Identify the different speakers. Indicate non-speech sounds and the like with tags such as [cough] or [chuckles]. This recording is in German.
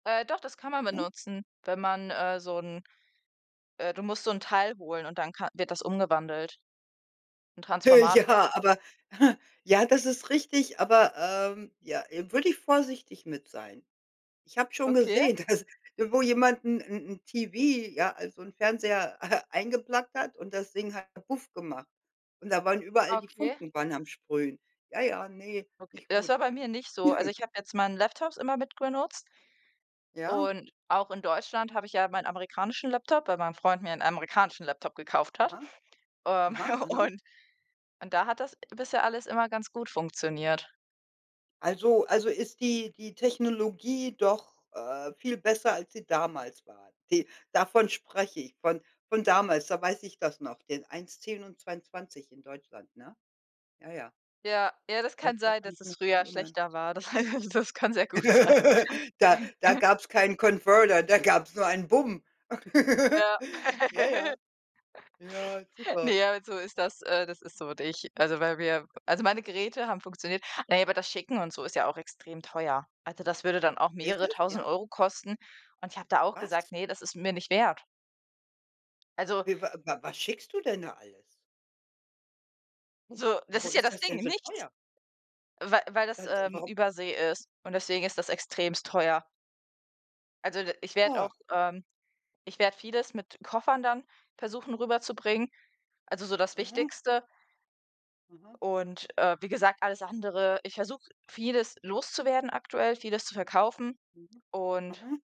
Speaker 1: Äh, doch, das kann man
Speaker 2: [unintelligible]
Speaker 1: benutzen, wenn man, äh, so 'n äh, du musst so 'n Teil holen und dann ka wird das umgewandelt. 'N
Speaker 2: Äh,
Speaker 1: Transformator.
Speaker 2: ja, aber [chuckles] ja, das ist richtig, aber, ähm, ja, würde ich vorsichtig mit sein. Ich habe schon
Speaker 1: Okay?
Speaker 2: gesehen, dass wo jemand 'n 'n 'n TV, ja, also 'n Fernseher [chuckles] eingeplugged hat und das Ding hat „kabuff" gemacht und da waren überall
Speaker 1: Ah,
Speaker 2: die
Speaker 1: okay.
Speaker 2: Funken waren am Sprühen. Ja, ja, ne,
Speaker 1: Okay,
Speaker 2: nicht
Speaker 1: das
Speaker 2: gut.
Speaker 1: war bei mir nicht so. Also,
Speaker 2: [chuckles]
Speaker 1: ich habe jetzt meinen Laptop immer mitbenutzt
Speaker 2: Ja.
Speaker 1: und auch in Deutschland habe ich ja meinen amerikanischen Laptop, weil mein Freund mir 'n amerikanischen Laptop gekauft hat.
Speaker 2: Aha.
Speaker 1: Ähm.
Speaker 2: Aha,
Speaker 1: [chuckles]
Speaker 2: aha.
Speaker 1: Und und da hat das bisher alles immer ganz gut funktioniert.
Speaker 2: Also also, ist die die Technologie doch, äh, viel besser, als sie damals war. Die davon spreche ich, von von damals, da weiß ich das noch, den 1, 10 und 22 in Deutschland, ne? Ja, ja.
Speaker 1: Ja. Ja, das
Speaker 2: Doch,
Speaker 1: kann
Speaker 2: da
Speaker 1: sein,
Speaker 2: kann
Speaker 1: dass
Speaker 2: ich
Speaker 1: es
Speaker 2: mich dran
Speaker 1: früher
Speaker 2: erinnern.
Speaker 1: schlechter war, das das kann sehr gut sein.
Speaker 2: [laughs] Da da
Speaker 1: [chuckles] Mhm.
Speaker 2: gab's keinen Converter, da gab's nur ein „bumm.“
Speaker 1: Ja.
Speaker 2: [laughs] Ja, ja.
Speaker 1: [laughs]
Speaker 2: Ja, super.
Speaker 1: Ne, halt so ist das äh, das ist so. Und ich also, weil wir also, meine Geräte haben funktioniert. Na ja, aber das Schicken und so ist ja auch extrem teuer. Also, das würde dann auch
Speaker 2: Ist
Speaker 1: mehrere
Speaker 2: es, ja?
Speaker 1: tausend kosten und ich habe da auch
Speaker 2: Was?
Speaker 1: gesagt: „Ne, das ist es mir nicht wert.“ Also.
Speaker 2: We wa wa was schickst du denn da alles?
Speaker 1: So, das ist
Speaker 2: Warum
Speaker 1: ja
Speaker 2: ist
Speaker 1: das
Speaker 2: das
Speaker 1: Ding,
Speaker 2: denn so
Speaker 1: nichts.
Speaker 2: teuer?
Speaker 1: Wei weil das,
Speaker 2: [unintelligible]
Speaker 1: ähm,
Speaker 2: warum?
Speaker 1: Übersee ist und deswegen ist das extrem teuer. Also d ich werde
Speaker 2: Ah.
Speaker 1: auch, ähm ich werde vieles mit Koffern dann versuchen rüberzubringen, also, so das
Speaker 2: Aha.
Speaker 1: Wichtigste.
Speaker 2: Aha.
Speaker 1: Und, äh, wie gesagt, alles andere ich versuche vieles loszuwerden aktuell, vieles zu verkaufen
Speaker 2: Mhm.
Speaker 1: und
Speaker 2: Aha.